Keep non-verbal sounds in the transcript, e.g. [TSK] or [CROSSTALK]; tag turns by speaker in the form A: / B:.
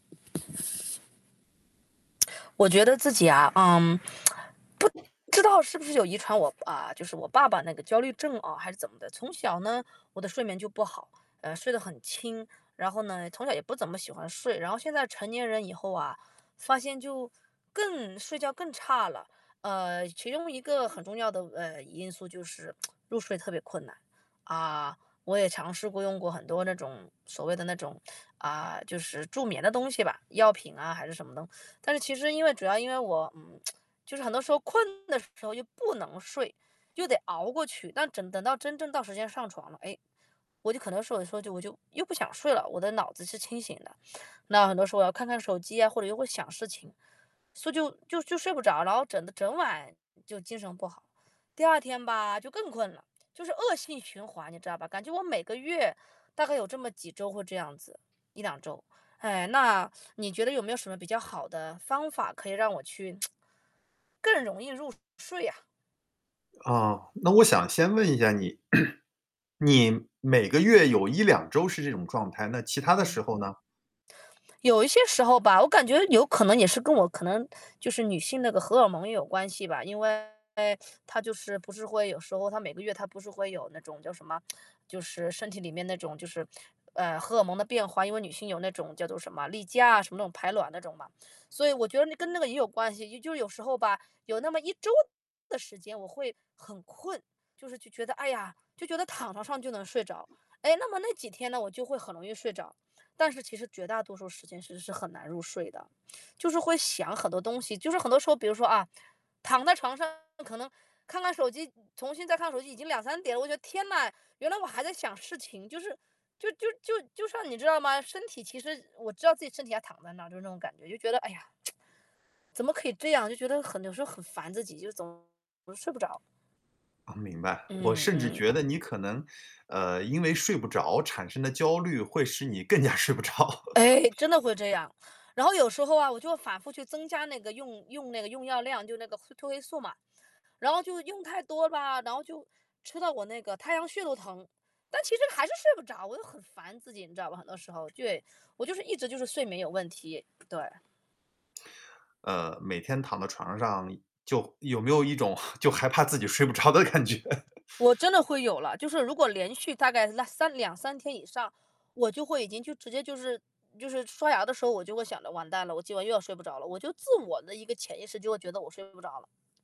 A: [TSK] 我觉得自己啊，嗯，[TSK] 不知道是不是有遗传我呃，就是我爸爸那个焦虑症啊，还是怎么的，从小呢，我的睡眠就不好。呃，睡得很轻，然后呢，从小也不怎么喜欢睡。然后现在成年人以后啊，发现就更睡觉更差了，呃，其中一个很重要的，呃，因素就是 [TSK] 入睡特别困难。啊，我也尝试过用过很多那种，所谓的那种，啊，就是助眠的东西吧，药品啊，还是什么的。但是其实因为主要因为我，嗯，[TSK] 就是很多时候困的时候又不能睡，就得熬过去，但整等到真正到时间上床了，哎，我就可能说，有的时候，我就又不想睡了，我的脑子是清醒的。那很多时候我要看看手机啊，或者又会想事情。所以就就就睡不着，然后整的整晚就精神不好。第2天吧，就更困了，就是恶性循环，你知道吧？感觉我每个月大概有这么几周会这样子，1-2周，哎，那你觉得有没有什么比较好的方法，可以让我去 [TSK] 更容易入睡啊？
B: 哦，那我想先问一下你，[CLEARS THROAT] 你每个月有1-2周是这种状态，那其他的时
A: 嗯。
B: 候呢？
A: 有一些时候吧，我感觉有可能也是跟我可能就是女性那个荷尔蒙也有关系吧，因为它就是不是会有时候它每个月它不是会有那种叫什么，[TSK] 就是身体里面那种就是，[SMACKS LIPS] 呃，荷尔蒙的变化，因为女性有那种叫做什么，例假，什么那种排卵那种嘛。所以我觉得那跟那个也有关系，也就是有时候吧，有那么1周的时间，我会很困。就是去觉得，哎呀，就觉得躺床上就能睡着。哎，那么那几天呢，我就会很容易睡着，但是其实绝大多数时间其实是很难入睡的。就是会想很多东西，就是很多时候，比如说，啊，躺在床上，可能看看手机，重新再看看手机，已经2-3点了，我觉得：“天哪，原来我还在想事情”，就是就就就就像你知道吗？身体其实我知道自己身体还躺在那，就那种感觉，就觉得：“哎呀，[TSK] 怎么可以这样！”就觉得很有时候很烦自己，就是总是睡不着。
B: 呃，明白。我
A: 嗯
B: 甚至
A: 嗯。
B: 觉得你可能，呃，因为睡不着产生的焦虑会使你更加睡不着。
A: 哎，
B: [LAUGHS]
A: 真的会这样。然后有时候啊，我就反复去增加那个用用那个用药量，就是那个会褪黑素嘛。然后就用太多吧，然后就，吃到我那个太阳穴都疼，但其实还是睡不着，我就很烦自己，你知道吗，很多时候。对，我就是一直就是睡眠有问题，对。
B: 呃，每天躺到床上就有没有一种 [CHUCKLES] 就害怕自己睡不着的感觉？[LAUGHS]
A: 我真的会有了，就是如果连续大概啦三2-3天以上，我就会已经就直接就就是就是刷牙的时候，我就会想着，“完蛋了，我今晚又要睡不着了”，我就自我的一个潜意识就会觉得我睡不着了。